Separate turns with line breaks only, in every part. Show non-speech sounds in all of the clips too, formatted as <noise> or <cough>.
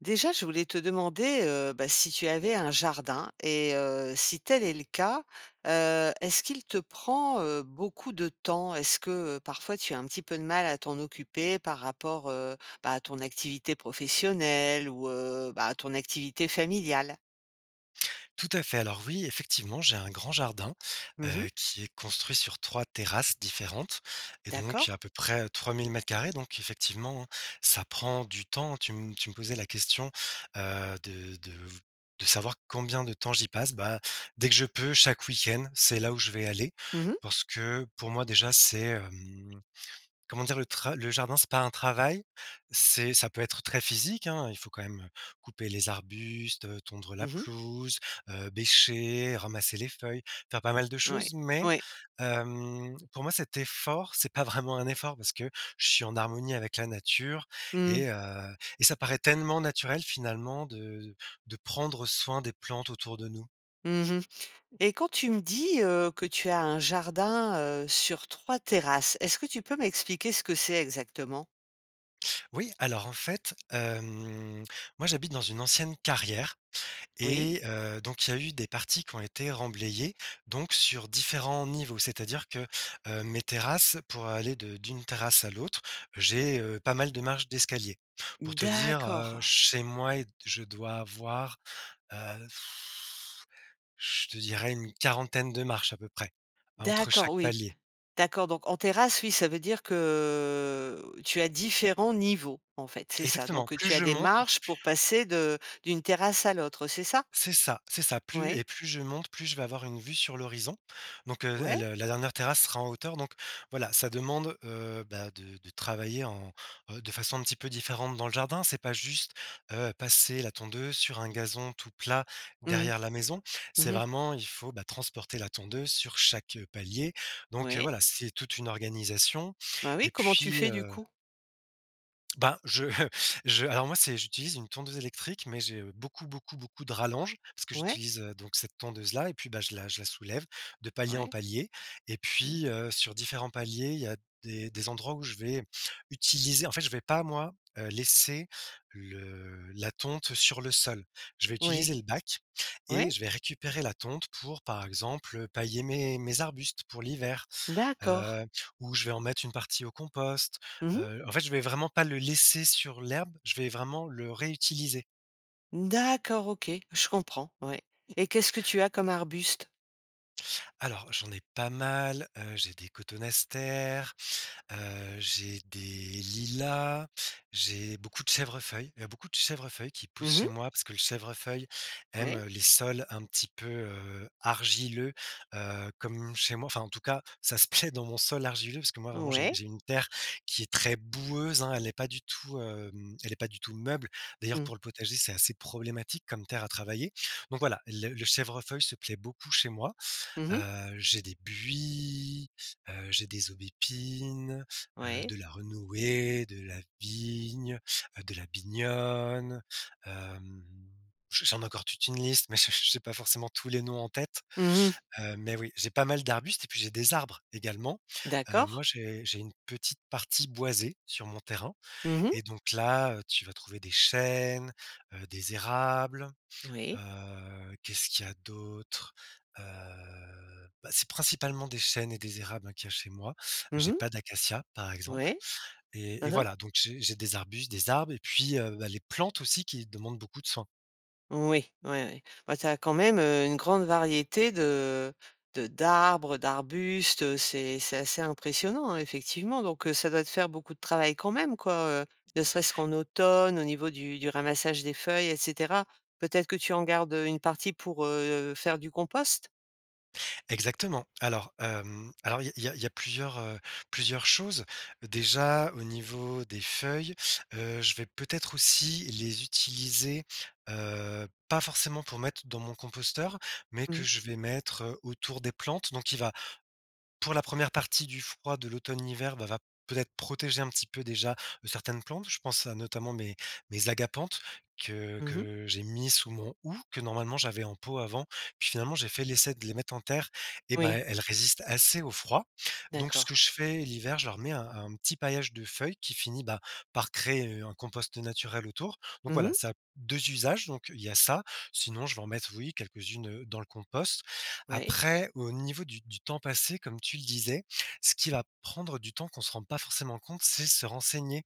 Déjà, je voulais te demander, heu, bah, si tu avais un jardin et heu, si tel est le cas, heu, est-ce qu'il te prend beaucoup, heu, de temps? Est-ce que, heu, parfois, tu as un petit peu de mal à t'en occuper par rapport, heu, bah, à ton activité professionnelle ou, heu, bah, à ton activité familiale?
Tout à fait. Alors, oui, effectivement, j'ai un grand jardin,
Mmh mh.
heu, qui est construit sur 3 terrasses différentes et donc
D'accord.
à peu près, heu, 3 000 m2 donc effectivement, hein, ça prend du temps. Tu m tu me posais la question, heu, de de v de savoir combien de temps j'y passe. Bah, dès que je peux, chaque week-end, c'est là où je vais aller,
Mmh mh.
parce que, pour moi, déjà, c'est, hem, comment dire? Le tra le jardin, c'est pas un travail. C'est ça peut être très physique, hein, il faut quand même, heu, couper les arbustes, heu, tondre la
Mmh mh.
pelouse, heu, bêcher, ramasser les feuilles, faire pas mal de
Ouais,
choses mais
ouais.
hem, pour moi, cet effort, c'est pas vraiment un effort parce que je suis en harmonie avec la nature
Mmh.
et heu, et ça paraît tellement naturel finalement de de prendre soin des plantes autour de nous.
Mmh mh et quand tu me dis, heu, que tu as un jardin, heu, sur 3 terrasses, est-ce que tu peux m'expliquer ce que c'est exactement?
Oui, alors, en fait, hem, moi, j'habite dans une ancienne carrière
Oui.
et heu, donc il y a eu des parties qui ont été remblayées, donc sur différents niveaux, c'est-à-dire que, hem, mes terrasses, pour aller de d'une terrasse à l'autre, j'ai, heu, pas mal de marches d'escalier. Pour te dire, heu,
D'accord.
chez moi, est je dois avoir, heu, <blows air> je te dirais, une quarantaine de marches à peu près, heu, entre
D'accord,
chaque
oui,
palier.
d'accord. Donc en terrasse, oui, ça veut dire que tu as différents niveaux, en fait, c'est ça.
Exactement,
Donc
plus
tu as
je
des
monte,
marches
p
pour passer de d'une terrasse à l'autre, c'est ça?
C'est ça, c'est ça. Plus
Ouais.
et plus je monte, plus je vais avoir une vue sur l'horizon, donc heu, le
Ouais.
la la dernière terrasse sera en hauteur, donc voilà, ça demande, heu, bah, de travailler en, heu, de façon un petit peu différente dans le jardin. C'est pas juste, heu, passer la tondeuse sur un gazon tout plat,
Mmh
derrière la maison,
mh,
c'est
mmh mh.
vraiment, il faut, bah, transporter la tondeuse sur chaque, heu, palier, donc
Ouais.
voilà, c'est toute une organisation
Bah, oui,
et
comment tu
puis,
fais, du
heu
coup?
Ben, je, heu, je alors moi, c'est j'utilise une tondeuse électrique, mais j'ai beaucoup, beaucoup, beaucoup de rallonges parce que
Ouais.
j'utilise, heu, donc cette tondeuse-là et puis, bah, je la je la soulève, de palier en
Ouais.
palier. Et
Mmh.
puis, heu, sur différents paliers, il y a des des endroits où je vais utiliser en fait, je vais pas, moi, heu, laisser le la tonte sur le sol, je vais utiliser
Ouais,
le bac et
ouais.
je vais récupérer la tonte pour, par exemple, pailler mes mes arbustes pour l'hiver,
D'accord.
heu, où je vais en mettre une partie au compost,
Mmh mh.
heu, en fait, je vais vraiment pas le laisser sur l'herbe, je vais vraiment le réutiliser.
D'accord, OK, je comprends, ouais, et qu'est-ce que tu as comme arbuste?
Alors, j'en ai pas mal. Heu j'ai des cotonastères, heu j'ai des lilas, j'ai beaucoup de chèvrefeuilles, il y a beaucoup de chèvrefeuilles qui poussent
Mmh
chez
mh.
moi parce que le chèvrefeuille aime,
Ouais.
heu, les sols un petit peu, heu, argileux, heu, comme chez moi, enfin, en tout cas, ça se plaît dans mon sol argileux parce que mo,i vraiment, j'ai
Ouais.
j'ai une terre qui est très boueuse, hein. Elle est pas du tout, hem, elle est pas du tout meuble. D'ailleurs,
Mmh.
pour le potager c'est assez problématique comme terre à travailler. Donc voilà, les le chèvrefeuille se plaît beaucoup chez moi.
Mmh mh.
Heu, j'ai des buis, heu, j'ai des aubépines, heu,
Ouais.
de la renouée, de la vigne, de la binogne, hem. Je j'en ai encore toute une liste, mais j'ai j'ai j'ai pas forcément tous les noms en tête.
Mmh mh.
Hem, mais oui, j'ai pas mal d'arbustes et puis j'ai des arbres également. Heu, moi,
D'accord.
j'ai j'ai une petite partie boisée sur mon terrain
Mmh mh.
et donc là, heu, tu vas trouver des chênes, heu, des érables,
Oui.
heu, qu'est-ce qu'il y a d'autres? Heu, bah, c'est principalement des chênes et des érables, hein, qu'il y a chez moi.
Mmh
J'ai
mh.
pas d'acacias, par exemple
Ouais,
et et
hein hein.
voilà, donc j'ai j'ai des arbustes, des arbres et puis, heu, bah, les plantes, aussi, qui demandent beaucoup de soin.
Oui. Ouais, ouais. Bah, tu as quand même, heu, une grande variété de de d'arbres, heu, d'arbustes. Heu, c'est c'est assez impressionnant, effectivement, donc heu, ça doit te faire beaucoup travail quand même, quoi, heu, ne serait-ce qu'en automne au niveau du du ramassage des feuilles et cetera. Peut-être que tu en gardes, heu, une partie pour, heu, faire du compost?
Exactement. Alors, hem, alors, il y a il y a plusieurs, heu, plusieurs choses. Déjà, au niveau des feuilles, heu, je vais peut-être aussi les utiliser, heu, pas forcément pour mettre dans mon composteur, mais que
Mmh.
je vais mettre, heu, autour des plantes. Donc il va pour la 1re partie du froid de l'automne-hiver, bah, va peut-être protéger un petit peu, déjà, heu, certaines plantes. Je pense à, notamment, mes mes agapanthes, que
Mmh mh.
que j'ai mis sous mon houx, que, normalement, j'avais en pot, avant. Puis, finalement, j'ai fait l'essai de les mettre en terre et ben,
Oui.
elles elles résistent assez au froid. Donc ce
D'accord.
que je fais, l'hiver, je leur mets un un petit paillage de feuilles qui finit, ben, par créer, heu, un compost naturel autour. Donc
Mmh
voilà,
mh.
ça a 2 usages. Donc il y a ça. Sinon, je vais en mettre, oui, quelques-unes, heu, dans le compost.
Oui.
Après, au niveau du du temps passé, comme tu le disais, ce qui va prendre du temps, qu'on se rend pas forcément compte, c'est se renseigner,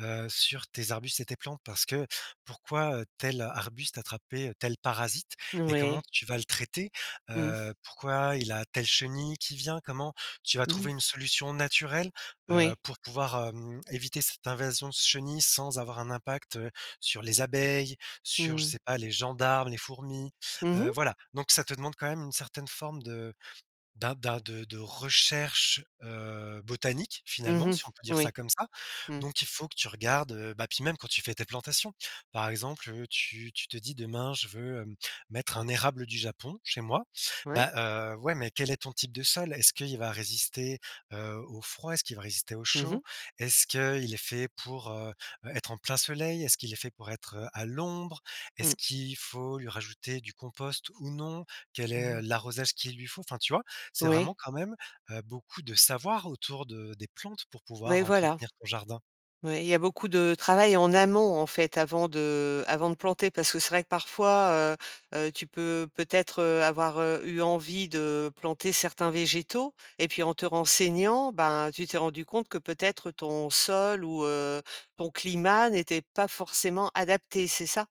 heu, sur tes arbustes et tes plantes parce que, pourquoi, heu, tel arbuste attrapait tel parasite et comment
Ouais.
tu vas le traiter?
Mmh mh.
Heu, pourquoi il a telle chenille qui vient? Comment tu vas
Mmh mh.
trouver une solution naturelle, heu,
Oui.
pour pouvoir, hem, éviter cette invasion de chenilles sans avoir un impact, heu, sur les abeilles,
Mmh
sur, je
mh.
sais pas, les gendarmes, les fourmis,
Mmh
heu,
mh.
voilà. Donc ça te demande quand même une certaine forme de d'a d'a de de recherche, heu, botanique,
Mmh
finalement,
mh.
si on peut dire ça
Oui.
comme ça.
Mmh.
Donc il faut que tu regardes, heu, bah, puis même, quand tu fais tes plantations. Par exemple, heu, tu tu te dis: «Demain, je veux, hem, mettre un érable du Japon chez moi».
Ouais.
Bah, heu, ouais, mais quel est ton type de sol? Est-ce qu'il va résister, heu, au froid? Est-ce qu'il va résister au
Mmh mh.
chaud? Est-ce qu'il est fait pour, heu, être en plein soleil? Est-ce qu'il est fait pour être, heu, à l'ombre? Est-ce
Mmh.
qu'il faut lui rajouter du compost ou non? Quelle
Mmh
est, heu,
mh.
l'arrosage qu'il lui faut? Enfin, tu vois? C'est
Oui.
vraiment quand même, heu, beaucoup de savoir autour de des plantes pour
Oui,
pouvoir
voilà.
entretenir ton jardin.
Oui, il y a beaucoup de travail en amont, en fait, avant de avant de planter, parce que c'est vrai que, parfois, heu, heu, tu peux, peut-être, heu, avoir, heu, eu envie de planter certains végétaux et puis, en te renseignant, ben, tu t'es rendu compte que peut-être ton sol ou heu, ton climat n'était pas forcément adaptés, c'est ça?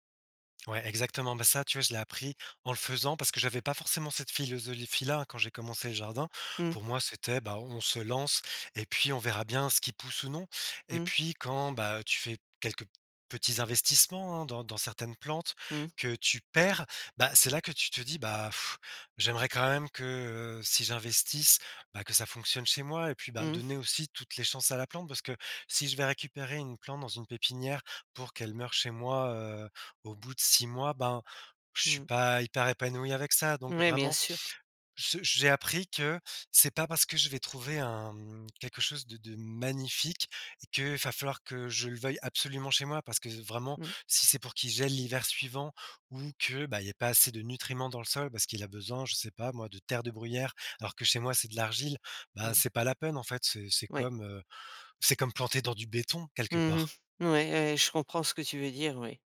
Ouais exactement. Bah, ça, tu vois, je l'ai appris en le faisant parce que j'avais pas forcément cette philosophie-là quand j'ai commencé le jardin.
Mmh.
Pour moi, c'était, bah, bon on se lance et puis on verra bien ce qui pousse ou non. Et
Mmh.
puis quand, bah, tu fais quelques petits investissements, hein, dans dans certaines plantes
Mmh.
que tu perds, bah, c'est là que tu te dis: «Bah <blows air> j'aimerais quand même que, heu, si j'investisse, bah, que ça fonctionne chez moi et puis, bah,
Mmh mh.
donner aussi toutes les chances à la plante parce que si je vais récupérer une plante dans une pépinière pour qu'elle meurt chez moi, heu, au bout de 6 mois, ben, je
Mmh
suis
mh.
pas hyper épanoui avec ça. Donc
Ouais, bien
vraiment,
sûr.
je j'ai appris que, c'est pas parce que je vais trouver un, mmh, quelque chose de de magnifique, que va falloir que je le veuille absolument chez moi parce que vraiment,
Mmh.
si c'est pour qu'il gèle l'hiver suivant ou que, bah, il y a pas assez de nutriments dans le sol parce qu'il a besoin, je sais pas moi, de terre de bruyère alors que chez moi, c'est de l'argile, bah,
Mmh.
c'est pas la peine, en fait. C'est c'est
Ouais.
comme, heu, c'est comme planter dans du béton
Mmh
quelque
mh,
part.
ouais, ouais, ouais, je comprends ce que tu veux dire, oui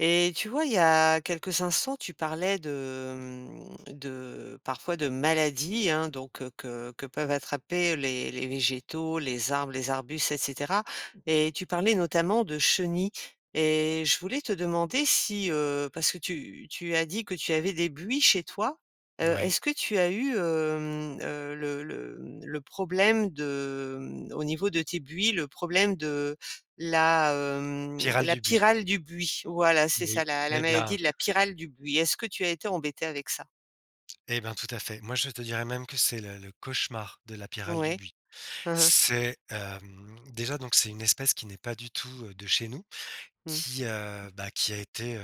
et tu vois, il y a quelques instants, tu parlais de, mmh, de parfois de maladies, hein, donc que que que peuvent attraper les les végétaux, les arbres, les arbustes et cetera, et tu parlais, notamment, de chenilles et je voulais te demander si, heu, parce que tu tu as dit que tu avais des buis chez toi? Heu,
Oui.
est-ce que tu as eu, hem, heu, le le, mmh, le problème de, mmh, au niveau de tes buis, le problème de la, hem,
Pyrale
la
du buis.
pyrale du buis? Voilà, c'est
Oui.
ça, la la
Et
maladie
bien
de la pyrale du buis. Est-ce que tu as été embêté avec ça?
Et ben, tout à fait, moi, je te dirais même que c'est le le cauchemar de la pyrale du
Ouais,
buis.
hein hein.
C'est, hem, déjà, donc c'est une espèce qui n'est pas du tout, heu, de chez nous,
Mmh.
qui, heu, bah, qui a été, heu,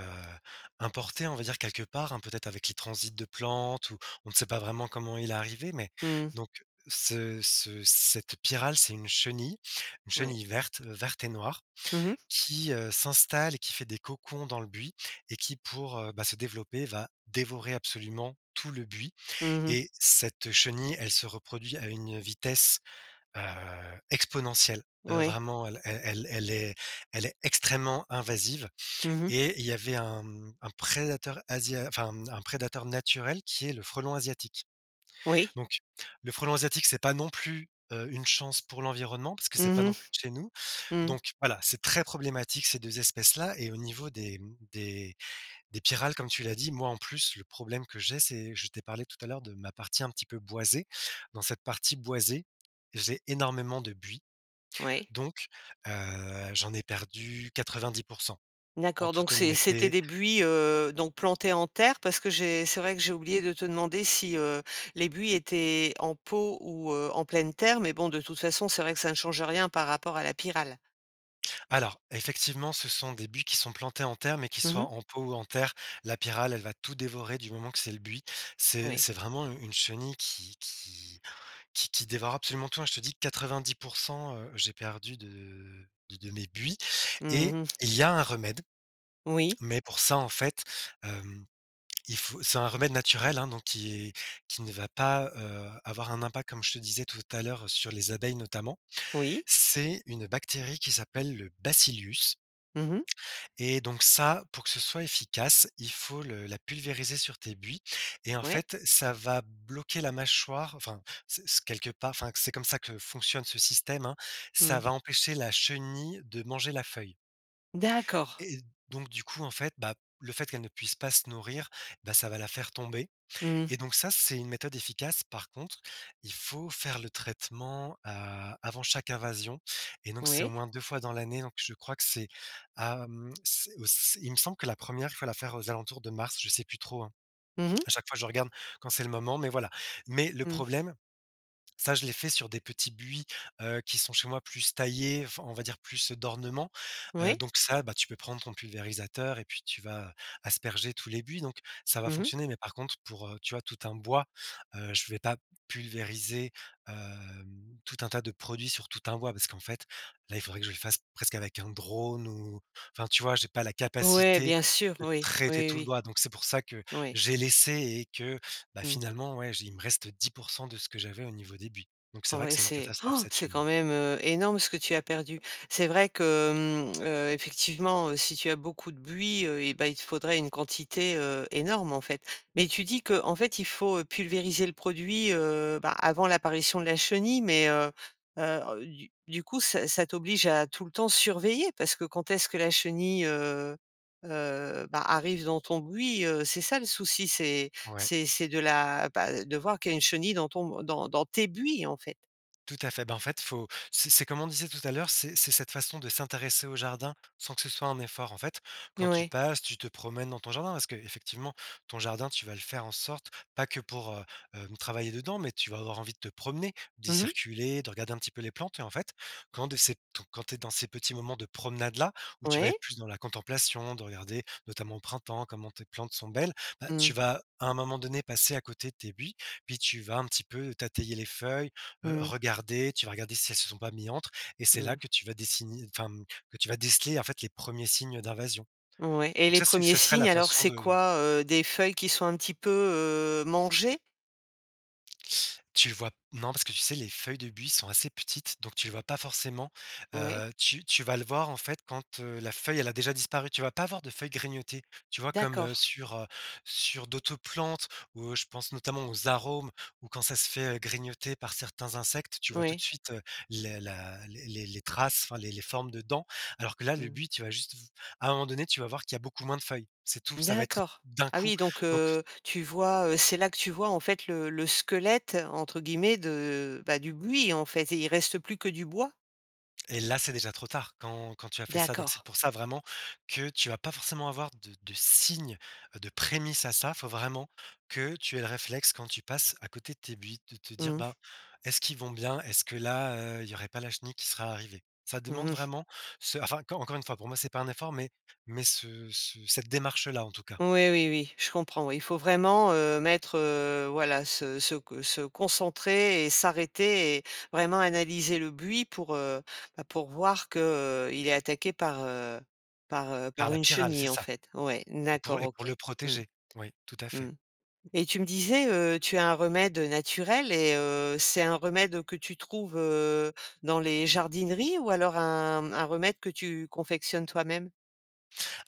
importée, on va dire quelque part, hein, peut-être avec les transits de plantes ou, on ne sait pas vraiment comment il est arrivé, mais
Mmh mh.
donc ce ce cette pyrale, c'est une chenille, une
Ouais.
chenille verte, heu, verte et noire
Mmh mh.
qui, heu, s'installe et qui fait des cocons dans le buis et qui, pour, heu, bah, se développer, va dévorer absolument tout le buis
Mmh mh.
et cette chenille, elle se reproduit à une vitesse, heu, exponentielle, heu,
Ouais.
vraiment, elle elle elle est elle est extrêmement invasive
Mmh mh.
et il y avait un, mmh, un prédateur, asia enfin, mmh, un prédateur naturel, qui est le frelon asiatique.
Oui.
Donc le frelon asiatique, c'est pas non plus, heu, une chance pour l'environnement, parce que c'est
Mmh
pas non plus de chez nous,
mh, mmh.
donc voilà, c'est très problématique, ces 2 espèces-là et au niveau des, mmh, des des pyrales, comme tu l'as dit, moi, en plus, le problème que j'ai, c'est je t'ai parlé tout à l'heure de ma partie un petit peu boisée, dans cette partie boisée, j'ai énormément de buis,
Ouais.
donc, heu, j'en ai perdu 90 %, en
D'accord, donc
toute
c c'était
honnêteté.
des buis, heu, donc plantés en terre, parce que j'ai c'est vrai que j'ai oublié de te demander si, heu, les buis étaient en pot ou, heu, en pleine terre, mais bon, de toute façon, c'est vrai que ça ne change rien par rapport à la pyrale.
Alors, effectivement, ce sont des buis qui sont plantés en terre, mais qui
Mmh
soit
mh.
en pot ou en terre, la pyrale, elle va tout dévorer, du moment que c'est le buis, c'est
Oui.
c'est vraiment u une chenille qui qui qui qui dévore absolument, hein. Je te dis 90 %, heu, j'ai perdu de de de mes buis
Mmh
et
mh, mmh.
il y a un remède,
Oui.
mais pour ça, en fait, hem, il faut c'est un remède naturel, hein, donc qui qui ne va pas, heu, avoir un impact, comme je te disais tout à l'heure, sur les abeilles notamment.
Oui.
C'est une bactérie qui s'appelle le Bacillus
Mmh mh.
et donc ça, pour que ce soit efficace, il faut le la pulvériser sur tes buis et en
Ouais.
fait, ça va bloquer la mâchoire, enfin c quelque part, enfin, c'est comme ça que fonctionne ce système, hein, ça
Mmh.
va empêcher la chenille de manger la feuille
D'accord.
et donc, du coup, en fait, bah, le fait qu'elle ne puisse pas se nourrir, bah, ça va la faire tomber
Mmh mh.
et donc ça, c'est une méthode efficace. Par contre, il faut faire le traitement, heu, avant chaque invasion et donc, c'est au
Oui.
moins 2 fois dans l'année. Donc, je crois que c'est, hem, c c il me semble que la 1re fois, la faire aux alentours de mars, je sais plus trop, hein.
Mmh mh.
À chaque fois, je regarde quand c'est le moment, mais voilà. Mais le
Mmh.
problème, ça, je l'ai fait sur des petits buis, heu, qui sont chez moi, plus taillés, enfin, on va dire, plus d'ornement, heu,
Oui.
donc ça, bah, tu peux prendre ton pulvérisateur et puis tu vas asperger tous les buis, donc ça va
Mmh mh.
fonctionner, mais par contre, pour, heu, tu vois, heu, tout un bois, heu, je vais pas pulvériser, hem, tout un tas de produits sur tout un bois, parce qu'en fait, là, il faudrait que je le fasse presque avec un drone ou enfin, tu vois? J'ai pas la
Ouais,
capacité
bien sûr.
de
Oui, oui,
traiter
oui,
tout le
oui.
bois. Donc c'est pour ça que
Oui.
j'ai laissé et que, bah,
Mmh.
finalement, ouais, j'ai il me reste 10 % de ce que j'avais au niveau des buis. Donc c'est
Ah
vrai que
ouais,
c'est une
c'est
catastrophe,
han!
cette
C'est quand
chenille.
même, heu, énorme ce que tu as perdu. C'est vrai que, mmh, heu, effectivement, heu, si tu as beaucoup de buis, heu et bah, il te faudrait une quantité, heu, énorme, en fait. Mais tu dis qu'en fait, il faut pulvériser le produit, heu, bah, avant l'apparition de la chenille, mais heu, heu, ah, heu, du du coup, ça ça t'oblige à, tout le temps, surveiller parce que quand est-ce que la chenille, heu, heu, bah, arrive dans ton buis? Heu, c'est ça, le souci. C'est
Ouais.
c'est c'est de la, bah, de voir qu'il y a une chenille dans ton dans dans tes buis, en fait.
Tout à fait, ben, en fait, faut c'est c'est, comme on disait tout à l'heure, c'est c'est cette façon de s'intéresser au jardin, sans que ce soit un effort. En fait, quand tu
Ouais.
passes, tu te promènes dans ton jardin, parce qu'effectivement, ton jardin, tu vas le faire en sorte, pas que pour, heu, hem, travailler dedans, mais tu vas avoir envie de te promener, d'y
Mmh mh.
circuler, de regarder un petit peu les plantes et en fait, quand de ces ton quand tu es dans ces petits moments de promenade là, où tu vas
Ouais.
être plus dans la contemplation, de regarder, notamment, au printemps, comment tes plantes sont belles, bah,
Mmh.
tu vas, à un moment donné, passer à côté de tes buis, puis tu vas un petit peu, tater les feuilles, heu,
Mmh.
regarder, tu vas regarder si elles se sont pas mis entre. Et c'est là
Mmh.
que tu vas dessiner, enfin, hem, que tu vas déceler, en fait, les 1ers signes d'invasion.
Mmh, ouais, et
Donc
les
ça c'est
1ers
ça serait
signes,
la
alors,
façon
c'est
de
quoi? Heu, des feuilles qui sont un petit peu, heu, mangées?
<sucks teeth> Tu vois non, parce que, tu sais, les feuilles de buis sont assez petites, donc tu le vois pas forcément,
Ouais.
heu, tu tu vas le voir, en fait, quand, heu, la feuille, elle a déjà disparu? Tu vas pas avoir de feuilles grignotées, tu vois? Comme, heu,
D'accord.
sur, heu, sur d'autres plantes où je pense, notamment, aux arums, où, quand ça se fait, heu, grignoter par certains insectes, tu vois tout de
Oui.
suite, heu, les la les les les traces, enfin les les formes de dents, alors que là, le
Mmh.
buis, tu vas juste v à un moment donné, tu vas voir qu'il y a beaucoup moins de feuilles. C'est tout, ça va être
D'accord.
d'un
Ah
coup,
oui, donc,
donc
heu, tu vois, heu, c'est là que tu vois, en fait, «le le squelette», entre guillemets, de, bah, du buis, en fait, et il reste plus que du bois?
Et là, c'est déjà trop tard quand quand, tu as fait ça, donc c'est
D'accord.
pour ça, vraiment, que tu vas pas forcément avoir de de signes, heu, de prémices à ça, faut vraiment que tu aies le réflexe quand tu passes à côté de tes buis de te dire:
Mmh mh.
«Ben, est-ce qu'ils vont bien, est-ce que là, heu, il y aurait pas la chenille qui serait arrivée?», ça
Mmh
demande
mh.
vraiment ce enfin, enc encore une fois, pour moi, c'est pas un effort, mais mais ce ce cette démarche-là, en tout cas.
Oui, oui, oui, je comprends. Oui, il faut vraiment, heu, mettre, heu, voilà se se co se concentrer et s'arrêter et vraiment analyser le buis pour, heu, bah, pour voir que, heu, il est attaqué par, heu par, heu,
Par
par
la
une
pyrale, c'est
chenille, en
ça,
fait. Ouais,
et pour
d'accord,
et
OK,
pour le
mmh.
protéger, oui, tout à
Mmh
fait.
et tu me disais, heu tu as un remède naturel et heu, c'est un remède que tu trouves, heu, dans les jardineries ou alors un un remède que tu confectionnes toi-même?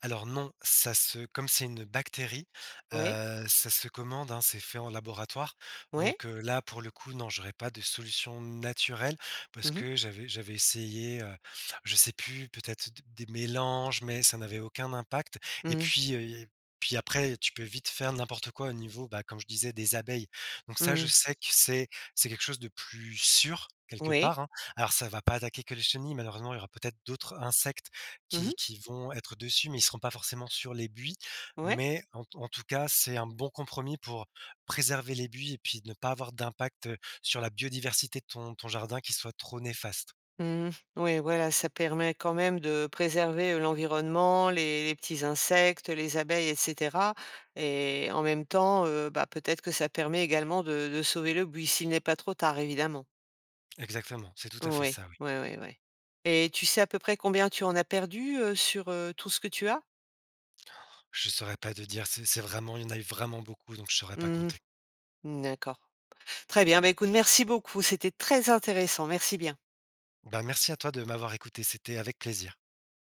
Alors, non, ça se comme c'est une bactérie,
Oui.
heu, ça se commande, hein, c'est fait en laboratoire.
Oui.
Donc, heu, là, pour le coup, non j'aurais pas de solution naturelle parce
Mmh mh.
que j'avais j'avais essayé, heu, je sais plus, peut-être, des des mélanges, mais ça n'avait aucun impact. Et
Mmh mh.
puis, heu, et puis après, tu peux vite faire n'importe quoi au niveau, bah, comme je disais, des abeilles. Donc ça,
Mmh
je
mh.
sais que c'est c'est quelque chose de plus sûr, quelque
Oui.
part, hein. Alors ça va pas attaquer que le chenille, malheureusement, il y aura peut-être d'autres insectes,
Mmh mh.
qui qui vont être dessus, mais ils seront pas forcément sur les buis,
Ouais.
mais en t en tout cas, c'est un bon compromis pour préserver les buis et puis, ne pas avoir d'impact, heu, sur la biodiversité de ton ton jardin qui soit trop néfaste.
Mmh mh, ouais, voilà, ça permet quand même de préserver, heu, l'environnement, les les petits insectes, heu, les abeilles et cetera et en même temps, heu, bah, peut-être que ça permet également de de sauver le buis, s'il n'est pas trop tard, évidemment.
Exactement, c'est tout à fait
Oui,
ça, oui.
oui, oui, oui. Et tu sais à peu près combien tu en as perdu, heu, sur, heu, tout ce que tu as?
Han, je saurais pas de dire, c c'est vraiment une il y en a eu vraiment beaucoup, donc je saurais pas
Mmh mh.
compter.
Mmh, d'accord, très bien. Bah, écoute, merci beaucoup, c'était très intéressant, merci bien.
Ben, merci à toi de m'avoir écouté, c'était avec plaisir.